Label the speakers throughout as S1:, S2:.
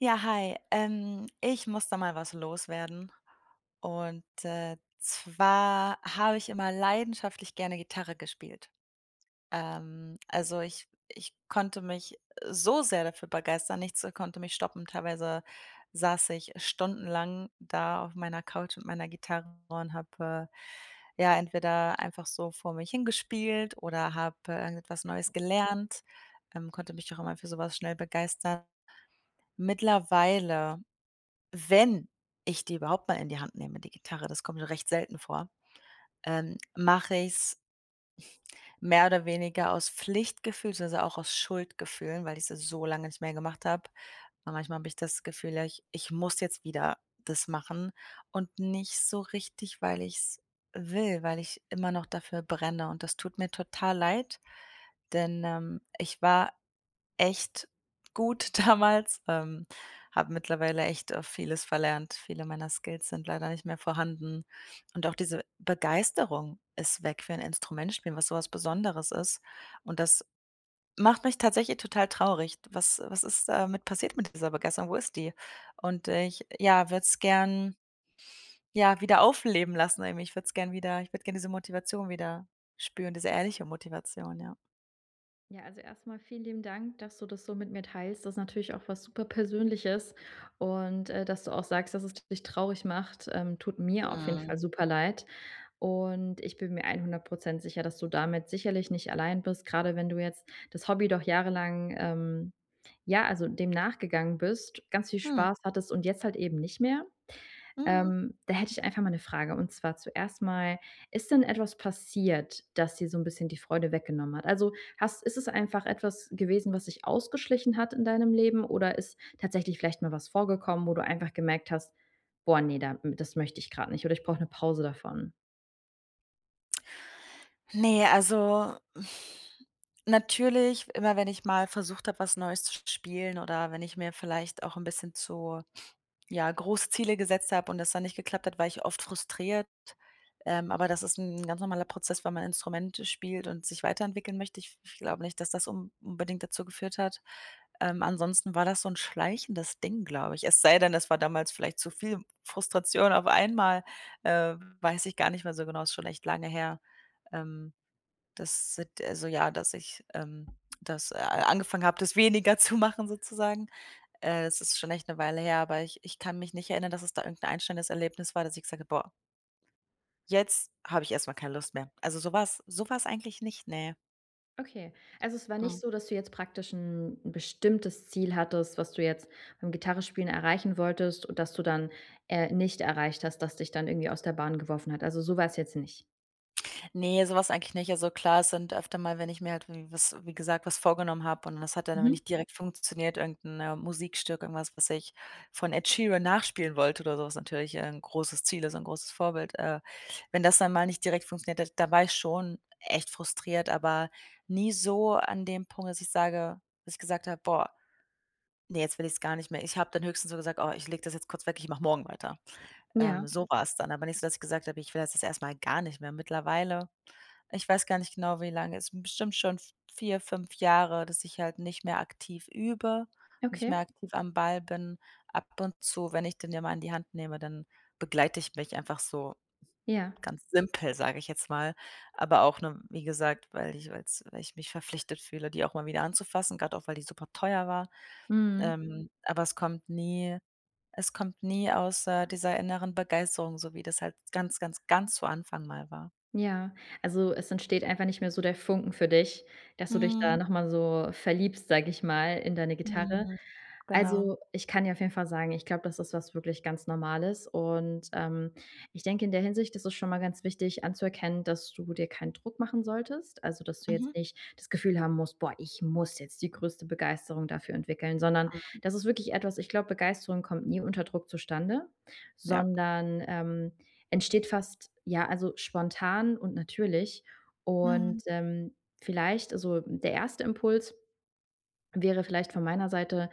S1: Ja hi, ähm, ich muss da mal was loswerden. Und, äh, zwar habe ich immer leidenschaftlich gerne Gitarre gespielt. Ähm, also, ich ich konnte mich, äh, so sehr dafür begeistern, nichts, äh, konnte mich stoppen, teilweise saß ich stundenlang da auf meiner Couch mit meiner Gitarre und habe, äh, ja, entweder einfach so vor mich hin gespielt oder habe, äh, irgendetwas Neues gelernt, ähm, konnte mich auch immer für sowas schnell begeistern. Mittlerweile, wenn ich die überhaupt mal in die Hand nehme, die Gitarre, das kommt nur recht selten vor, ähm, mache ich's mehr oder weniger aus Pflichtgefühl beziehungsweise auch aus Schuldgefühlen, weil ich es so lange nicht mehr gemacht habe. Und manchmal habe ich das Gefühl: „Ja, ich ich muss jetzt wieder das machen,“ und nicht so richtig, weil ich's will, weil ich immer noch dafür brenne und das tut mir total leid, denn, ähm, ich war echt gut damals, ähm, habe mittlerweile echt, äh, vieles verlernt. Viele meiner Skills sind leider nicht mehr vorhanden. Und auch diese Begeisterung ist weg für ein Instrument spielen, was sowas Besonderes ist. Und das macht mich tatsächlich total traurig. Was was ist damit passiert mit dieser Begeisterung? Wo ist die? Und ich, ja, würde es gern, ja, wieder aufleben lassen. Ich würde es gerne wieder ich würde gerne diese Motivation wieder spüren, diese ehrliche Motivation, ja.
S2: Ja, also, erstmal vielen lieben Dank, dass du das so mit mir teilst. Das ist natürlich auch was Superpersönliches und, äh, dass du auch sagst, dass es dich traurig macht, ähm, tut mir auf jeden Fall
S1: Mhm.
S2: super leid. Und ich bin mir 100 % sicher, dass du damit sicherlich nicht allein bist, grade wenn du jetzt das Hobby doch jahrelang, ähm ja, also, dem nachgegangen bist, ganz viel
S1: Hm.
S2: Spaß hattest und jetzt halt eben nicht mehr.
S1: Mhm.
S2: Ähm, da hätte ich einfach mal 'ne Frage, und zwar zuerst mal: Ist denn etwas passiert, das dir so 'n bisschen die Freude weggenommen hat? Also, hast ist es einfach etwas gewesen, was sich ausgeschlichen hat in deinem Leben? Oder ist tatsächlich vielleicht mal was vorgekommen, wo du einfach gemerkt hast: „Boah, ne, da m das möchte ich grad nicht“, oder „Ich brauche eine Pause davon.“?
S1: Ne, also, natürlich, immer wenn ich mal versucht habe, was Neues zu sp spielen, oder wenn ich mir vielleicht auch 'n bisschen zu, ja, große Ziele gesetzt habe und das dann nicht geklappt hat, war ich oft frustriert. Ähm, aber das ist 'n ganz normaler Prozess, wenn man Instrumente spielt und sich weiterentwickeln möchte, ich ich glaube nicht, dass das un unbedingt dazu geführt hat. Ähm, ansonsten war das so 'n schleichendes Ding, glaube ich. Es sei denn, das war damals vielleicht zu viel Frustration auf einmal, äh, weiß ich gar nicht mehr so genau, ist schon echt lange her. Ähm, das sit also, ja, dass ich, ähm, das a angefangen habe, das weniger zu machen, sozusagen. Äh, es ist schon echt 'ne Weile her, aber ich ich kann mich nicht erinnern, dass es da irgend 'n einstellendes Erlebnis war, dass ich gesagt habe: „Boah“ „jetzt habe ich erstmal keine Lust mehr.” Also, so war's so war's eigentlich nicht, ne.
S2: Okay. Also, es war nicht
S1: Mhm.
S2: so, dass du jetzt praktisch 'n n' bestimmtes Ziel hattest, was du jetzt beim Gitarre spielen erreichen wolltest und dass du dann, äh, nicht erreicht hast, dass dich dann irgendwie aus der Bahn geworfen hat? Also, so war's jetzt nicht?
S1: Ne, sowas eigentlich nicht. Also, klar, es sind öfter mal, wenn ich mir halt w was wie gesagt, was vorgenommen habe und das hat dann aber
S2: Mhm.
S1: nicht direkt funktioniert, irgend 'n, äh, Musikstück, irgendwas, was ich von Ed Sheeran nachspielen wollte oder so, was natürlich, äh, 'n großes Ziel ist 'n großes Vorbild, äh. Wenn das dann mal nicht direkt funktioniert hat, da war ich schon echt frustriert, aber nie so an dem Punkt, dass ich sage, dass ich gesagt habe: „Boah“ „ne, jetzt will ich's gar nicht mehr.“ Ich habe dann höchstens so gesagt: „Oh, ich lege das jetzt kurz weg, ich mache morgen weiter.“
S2: Ja.
S1: Ähm, so war es dann. Aber nicht so, dass ich gesagt habe: „Ich will das jetzt erstmal gar nicht mehr.“ Mittlerweile ich weiß gar nicht genau, wie lange, es sind bestimmt schon 4, 5 Jahre, dass ich halt nicht mehr aktiv übe, nicht
S2: Okay.
S1: mehr aktiv am Ball bin, ab und zu, wenn ich dann ja mal in die Hand nehme, dann begleite ich mich einfach so
S2: Ja.
S1: ganz simpel, sage ich jetzt mal. Aber auch nur, wie gesagt, weil ich weil es weil ich mich verpflichtet fühle, die auch mal wieder anzufassen, gerade auch, weil die super teuer war.
S2: Mhm.
S1: Ähm, aber es kommt nie es kommt nie aus, äh, dieser inneren Begeisterung, so wie das halt ganz, ganz, ganz zu Anfang Mal war.
S2: Ja. Also, es entsteht einfach nicht mehr so der Funken für dich, dass du dich da
S1: Mhm.
S2: nochmal so verliebst, sage ich mal, in deine Gitarre.
S1: Mhm. Genau.
S2: Also, ich kann dir auf jeden Fall sagen, ich glaube, das ist was wirklich ganz Normales. Und, ähm, ich denke, in der Hinsicht ist es schon mal ganz wichtig anzuerkennen, dass du dir keinen Druck machen solltest. Also, dass du jetzt
S1: Mhm.
S2: nicht das Gefühl haben musst: „Boah, ich muss jetzt die größte Begeisterung dafür entwickeln,“ sondern
S1: Mhm.
S2: das ist wirklich etwas ich glaube, Begeisterung kommt nie unter Druck zustande,
S1: Ja.
S2: sondern, ähm, entsteht fast, ja, also, spontan und natürlich und,
S1: Mhm.
S2: ähm, vielleicht also, der 1. Impuls wäre vielleicht von meiner Seite,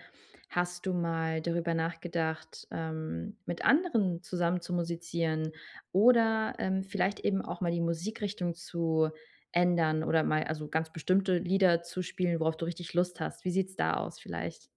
S2: hast du mal darüber nachgedacht, ähm, mit anderen zusammen zu musizieren oder, ähm, vielleicht eben auch mal die Musikrichtung zu ändern oder mal also, ganz bestimmte Lieder zu spielen, worauf du richtig Lust hast? Wie sieht's da aus vielleicht?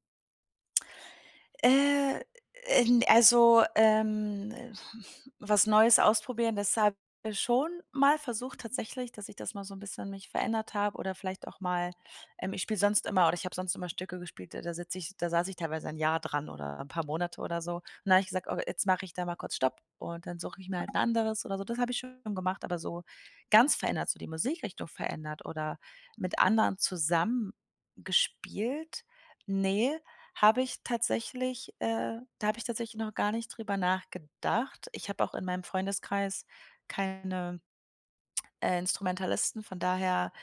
S1: Äh, ähm, also, ähm, was Neues ausprobieren, das habe ich schon mal versucht tatsächlich, dass ich das mal so 'n bisschen mich verändert habe oder vielleicht auch mal ähm, ich spiele sonst immer oder ich habe sonst immer Stücke gespielt, da da sitze ich da saß ich teilweise ein Jahr dran oder 'n paar Monate oder so. Dann habe ich gesagt: „Oh, jetzt mache ich da mal kurz Stopp und dann suche ich mir halt 'n anderes oder so“, das habe ich schon gemacht, aber so ganz verändert, so die Musikrichtung verändert oder mit anderen zusammen gespielt? Ne, habe ich tatsächlich, äh da habe ich tatsächlich noch gar nicht drüber nachgedacht. Ich habe auch in meinem Freundeskreis keine, äh, Instrumentalisten, von daher,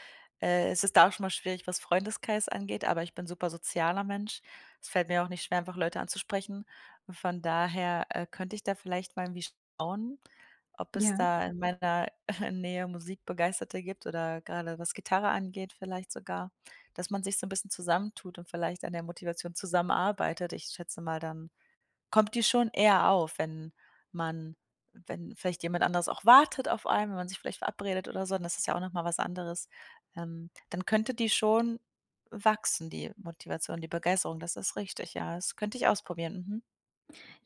S1: äh, ist es da auch schon mal schwierig, was Freundeskreis angeht, aber ich bin super sozialer Mensch. Es fällt mir auch nicht schwer, einfach Leute anzusprechen. Von daher, äh, könnte ich da vielleicht mal irgendwie schauen, ob es
S2: Ja.
S1: da in meiner Nähe Musikbegeisterte gibt oder grade was Gitarre angeht, vielleicht sogar, dass man sich so 'n bisschen zusammen tut und vielleicht an der Motivation zusammenarbeitet. Ich schätze mal dann kommt die schon eher auf, wenn man wenn vielleicht jemand anderes auch wartet auf einen, wenn man sich vielleicht verabredet oder so, das ist ja auch nochmal was anderes. Ähm, dann könnte die schon wachsen, die Motivation, die Begeisterung, das ist richtig, ja. Das könnte ich ausprobieren, mhm.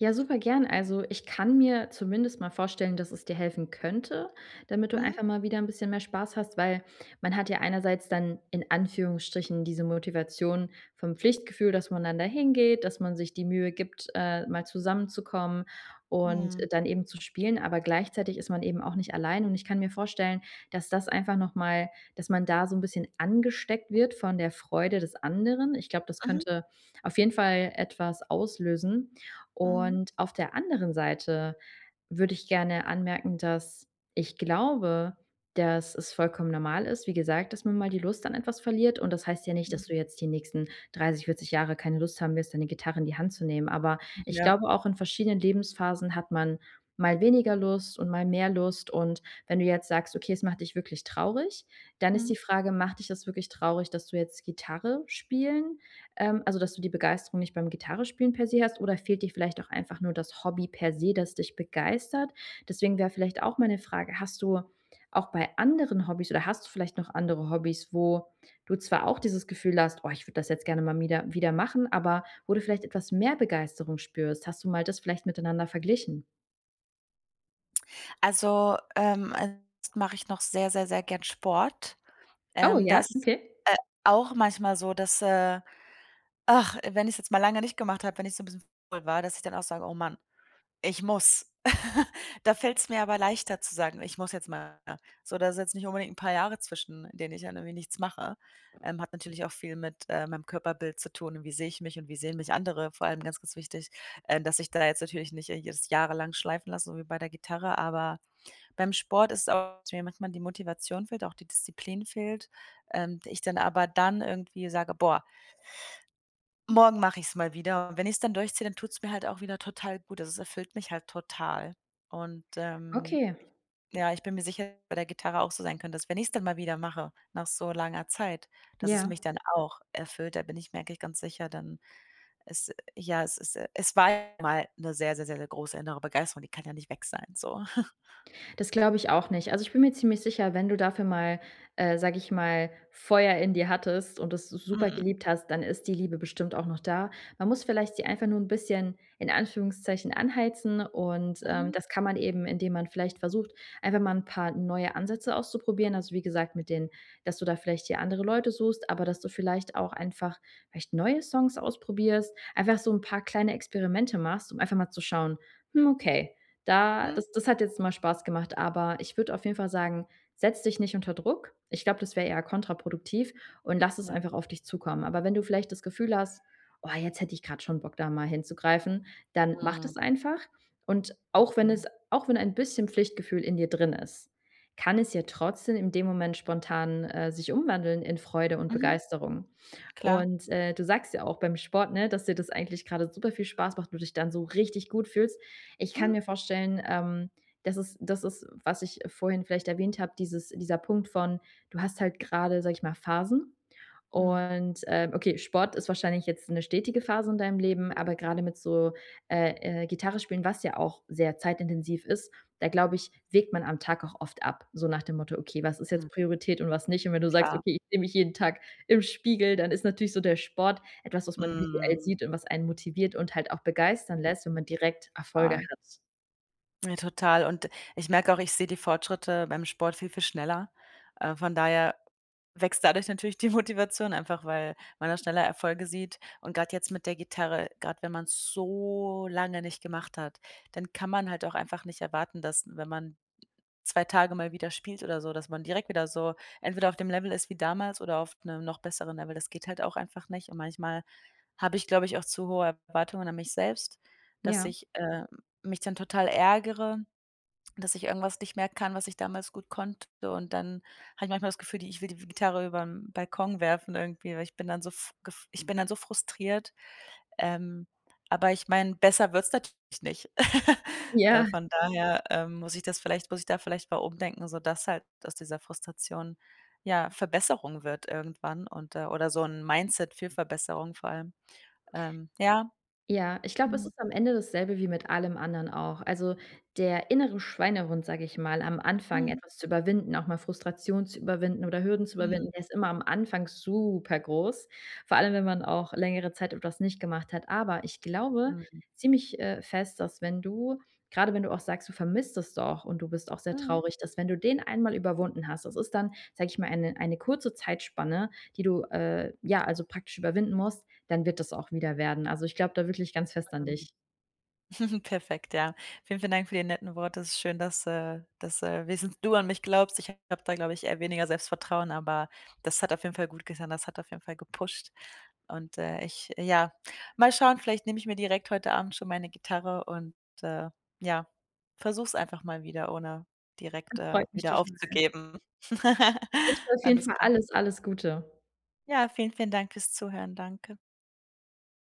S2: Ja, super gern. Also, ich kann mir zumindest mal vorstellen, dass es dir helfen könnte, damit du
S1: Mhm.
S2: einfach mal wieder 'n bisschen mehr Spaß hast, weil man hat ja einerseits dann in Anführungsstrichen diese Motivation vom Pflichtgefühl, dass man dann da hingeht, dass man sich die Mühe gibt, äh, mal zusammenzukommen und
S1: Mhm.
S2: dann eben zu spielen. Aber gleichzeitig ist man eben auch nicht allein und ich kann mir vorstellen, dass das einfach nochmal dass man da so 'n bisschen angesteckt wird von der Freude des anderen. Ich glaube, das
S1: Mhm.
S2: könnte auf jeden Fall etwas auslösen.
S1: Mhm.
S2: Und auf der anderen Seite würde ich gerne anmerken, dass ich glaube, dass es vollkommen normal ist, wie gesagt, dass man mal die Lust an etwas verliert. Und das heißt ja nicht,
S1: Mhm.
S2: dass du jetzt die nächsten 30, 40 Jahre keine Lust haben wirst, deine Gitarre in die Hand zu nehmen. Aber
S1: Hm,
S2: ich
S1: ja.
S2: glaube auch, in verschiedenen Lebensphasen hat man mal weniger Lust und mal mehr Lust. Und wenn du jetzt sagst: „Okay, es macht dich wirklich traurig“, dann ist die
S1: Mhm.
S2: Frage: „Macht dich das wirklich traurig, dass du jetzt Gitarre spielen ähm, also, dass du die Begeisterung nicht beim Gitarrenspielen per se hast oder fehlt dir vielleicht auch einfach nur das Hobby per se, das dich begeistert?“ Deswegen wäre vielleicht auch meine Frage: „Hast du auch bei anderen Hobbys oder hast du vielleicht noch andere Hobbys, wo du zwar auch dieses Gefühl hast: ‚Oh, ich würde das jetzt gerne mal mieder wieder machen? Aber wo du vielleicht etwas mehr Begeisterung spürst?‘“ Hast du mal das vielleicht miteinander verglichen?
S1: Also, ähm, ansonsten mache ich noch sehr, sehr, sehr gern Sport.
S2: Oh
S1: Ähm,
S2: ja,
S1: das ist,
S2: okay.
S1: äh, auch manchmal so, dass, äh, ach, wenn ich's jetzt mal lange nicht gemacht habe, wenn ich so 'n bisschen faul war, dass ich dann auch sage: „Oh man, ich muss.“ Da fällt's mir aber leichter zu sagen: „Ich muss jetzt mal wieder,“ so da ist jetzt nicht unbedingt 'n paar Jahre zwischen in denen ich dann irgendwie nichts mache. Ähm, hat natürlich auch viel mit, äh, meinem Körperbild zu tun, wie sehe ich mich und wie sehen mich andere. Vor allem ganz, ganz wichtig, ähm, dass ich da jetzt natürlich nicht jetzt jahrelang schleifen lassen, so wie bei der Gitarre, aber beim Sport ist auch, dass mir manchmal die Motivation fehlt, auch die Disziplin fehlt. Ähm, ich dann aber dann irgendwie sage: „Boah“ „morgen mache ich's mal wieder,“ und wenn ich's dann durchziehe, dann tut es mir halt auch wieder total gut, also, das erfüllt mich halt total. Und, ähm,
S2: Okay.
S1: ich ja, ich bin mir sicher, dass es bei der Gitarre auch so sein könnte, dass wenn ich es dann mal wieder mache, nach so langer Zeit, dass es
S2: Ja.
S1: mich dann auch erfüllt, da bin ich mir eigentlich ganz sicher, dann ist ja, es ist es war ja mal 'ne sehr, sehr, sehr, sehr große innere Begeisterung, die kann ja nicht weg sein, so.
S2: Das glaube ich auch nicht. Also, ich bin mir ziemlich sicher, wenn du dafür mal, äh, sage ich mal, Feuer in dir hattest und das s super
S1: Mhm.
S2: geliebt hast, dann ist die Liebe bestimmt auch noch da. Man muss vielleicht die einfach nur 'n bisschen in Anführungszeichen anheizen und, ähm,
S1: Mhm.
S2: das kann man eben, indem man vielleicht versucht, einfach mal 'n paar neue Ansätze auszuprobieren. Also, wie gesagt, mit denen, dass du da vielleicht dir andere Leute suchst, aber dass du vielleicht auch einfach vielleicht neue Songs ausprobierst. Einfach so 'n paar kleine Experimente machst, um einfach mal zu schauen: „Hm, okay, da
S1: Mhm.
S2: das das hat jetzt mal Spaß gemacht.“ Aber ich würde auf jeden Fall sagen, setz dich nicht unter Druck. Ich glaube, das wäre eher kontraproduktiv und lass es
S1: Ja.
S2: einfach auf dich zukommen. Aber wenn du vielleicht das Gefühl hast: „Oh, jetzt hätte ich gerade schon Bock, da mal hinzugreifen,“ dann mach das
S1: Mhm.
S2: einfach. Und auch wenn es
S1: Mhm.
S2: auch wenn ein bisschen Pflichtgefühl in dir drin ist, kann es ja trotzdem in dem Moment spontan, äh, sich umwandeln in Freude und
S1: Mhm.
S2: Begeisterung.
S1: Klar.
S2: Und, äh, du sagst ja auch beim Sport, ne, dass dir das eigentlich gerade super viel Spaß macht, du dich dann so richtig gut fühlst. Ich kann
S1: Mhm.
S2: mir vorstellen, ähm, das ist das ist, was ich vorhin vielleicht erwähnt habe, dieses dieser Punkt von, du hast halt gerade, sage ich mal, Phasen.
S1: Mhm.
S2: Und, ähm, okay, Sport ist wahrscheinlich jetzt 'ne stetige Phase in deinem Leben, aber
S1: Mhm.
S2: gerade mit so, äh, äh, Gitarre spielen, was ja auch sehr zeitintensiv ist, da glaube ich, wägt man am Tag auch oft ab, so nach dem Motto: „Okay, was ist jetzt
S1: Mhm.
S2: Priorität und was nicht.“ Und wenn du sagst:
S1: Klar.
S2: „Okay, ich sehe mich jeden Tag im Spiegel,“ dann ist natürlich so der Sport etwas, was man visuell
S1: Mhm.
S2: sieht und was einen motiviert und halt auch begeistern lässt, wenn
S1: Mhm.
S2: man direkt Erfolge
S1: Klar.
S2: hat.
S1: Ja, total und ich merke auch, ich sehe die Fortschritte beim Sport viel, viel schneller. Äh, von daher wächst dadurch natürlich die Motivation einfach, weil man da schneller Erfolge sieht und grad jetzt mit der Gitarre, grad wenn man es so lange nicht gemacht hat, dann kann man halt auch einfach nicht erwarten, dass wenn man 2 Tage mal wieder spielt oder so, dass man direkt wieder so entweder auf dem Level ist wie damals oder auf 'nem noch besseren Level, das geht halt auch einfach nicht. Und manchmal habe ich, glaube ich, auch zu hohe Erwartungen an mich selbst, dass
S2: Ja.
S1: ich, ähm, mich dann total ärgere, dass ich irgendwas nicht mehr kann, was ich damals gut konnte. Und dann habe ich manchmal das Gefühl, d ich will die w Gitarre übern Balkon werfen irgendwie, weil ich bin dann so ich bin dann so f gef ich bin dann so frustriert, ähm, aber ich meine, besser wird's natürlich nicht. Äh,
S2: Ja.
S1: von daher, ähm, muss ich das vielleicht muss ich da vielleicht mal umdenken, so dass halt aus dieser Frustration, ja, Verbesserung wird irgendwann und, äh oder so 'n Mindset für Verbesserung vor allem. Ähm, ja.
S2: Ja, ich glaube, es
S1: Mhm.
S2: ist am Ende das selbe wie mit allem anderen auch. Also, der innere Schweinehund, sage ich mal, am Anfang
S1: Mhm.
S2: etwas zu überwinden, auch mal Frustration zu überwinden oder Hürden zu überwinden,
S1: Mhm.
S2: ist immer am Anfang supergroß, vor allem, wenn man auch längere Zeit etwas nicht gemacht hat. Aber ich glaube
S1: Mhm.
S2: ziemlich, äh, fest, dass wenn du grade wenn du auch sagst: „Du vermisst es doch und du bist auch sehr
S1: Mhm.
S2: traurig“, dass wenn du den einmal überwunden hast das ist dann, sage ich mal, eine eine kurze Zeitspanne, die du, äh, ja, also, praktisch überwinden musst, dann wird das auch wieder werden. Also, ich glaube da wirklich ganz fest an
S1: Ähm.
S2: dich.
S1: Perfekt, ja. Vielen, vielen Dank für die netten Wort, es ist schön, dass, äh dass, äh, wenigstens du an mich glaubst, ich habe da glaube ich eher weniger Selbstvertrauen. Aber das hat auf jeden Fall gut getan, das hat auf jeden Fall gepusht. Und, äh, ich ja, mal schauen, vielleicht nehme ich mir direkt heute Abend schon meine Gitarre und, äh, ja, versuche es einfach mal wieder ohne direkt,
S2: Das
S1: äh,
S2: freut mich
S1: wieder
S2: total.
S1: aufzugeben.
S2: Ich wünsche dir auf jeden
S1: Alles
S2: Fall
S1: klar.
S2: alles, alles Gute.
S1: Ja, vielen, vielen Dank fürs Zuhören, danke.